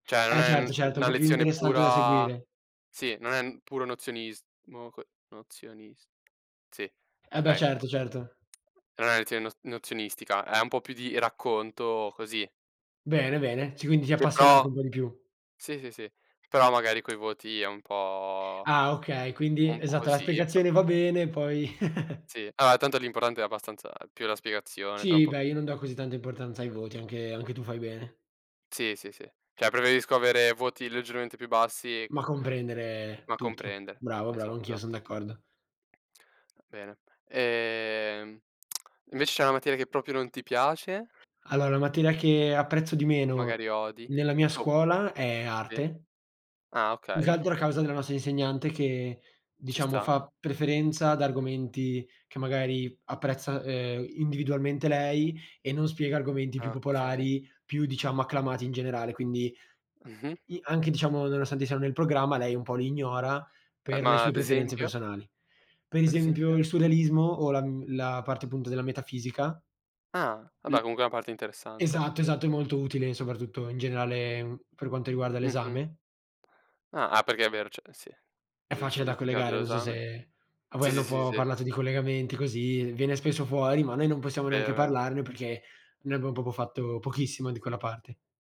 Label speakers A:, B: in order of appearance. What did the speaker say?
A: Cioè, non
B: Eh,
A: è
B: certo,
A: n
B: certo, è
A: una
B: po' più
A: lezione
B: interessante da
A: pura
B: seguire.
A: sì, non è n puro nozionismo co nozionis sì,
B: Eh, beh,
A: okay.
B: certo, certo.
A: Non è lezione nos nozionistica, è un po' più di racconto così.
B: Bene, bene, c quindi ti
A: Che
B: appassiona anche
A: però
B: un po' di più.
A: sì, sì, sì, però magari coi voti è un po'
B: Ah, okay, quindi
A: un po'
B: esatto, la
A: così, però
B: spiegazione va bene, poi
A: Sì, allora tanto l'importante è abbastanza più la spiegazione tra un
B: Sì,
A: po'
B: beh,
A: che
B: io non do così tanta importanza ai voti, anche anche tu fai bene.
A: Sì, sì, sì, cioè preferisco avere voti leggermente più bassi
B: Ma comprendere
A: ma
B: tutto.
A: comprendere.
B: Bravo, bravo,
A: Esatto,
B: anch'io son
A: esatto.
B: d'accordo.
A: Ah, bene, ehm, invece c'è una materia che proprio non ti piace?
B: Allora, la materia che apprezzo di meno
A: Magari odi,
B: nella mia
A: o
B: scuola è
A: Sì.
B: arte
A: Ah,
B: più che
A: okay.
B: altro a causa della nostra insegnante che,
A: Ci
B: diciamo,
A: sta.
B: fa preferenza ad argomenti che magari apprezza, ehm, individualmente lei e non spiega argomenti più
A: Okay.
B: popolari, più diciamo acclamati in generale, quindi
A: Mh-mh.
B: i anche diciamo nonostante siano nel programma lei un po' li ignora
A: Ehm,
B: per le
A: ma
B: sue
A: ad
B: preferenze
A: esempio?
B: personali. Per
A: Ad
B: esempio,
A: esempio?
B: il surrealismo o la mhmm, la parte appunto della metafisica.
A: Ah,
B: L
A: vabbè, comunque è una parte interessante.
B: esatto, esatto, è molto utile soprattutto in generale, mhmm, per quanto riguarda
A: Mh-mh.
B: l'esame.
A: Ah, ah, perché è vero cioè sì,
B: È facile
A: giusto,
B: da
A: hanno [unintelligible]
B: collegare, non so
A: l'esame.
B: se a voi
A: Sì,
B: hanno
A: sì,
B: un
A: sì,
B: po'
A: sì.
B: parlato di collegamenti così, viene spesso fuori ma noi non possiamo neanche
A: Vero, vero.
B: parlarne perché noi abbiamo proprio fatto pochissimo di quella parte.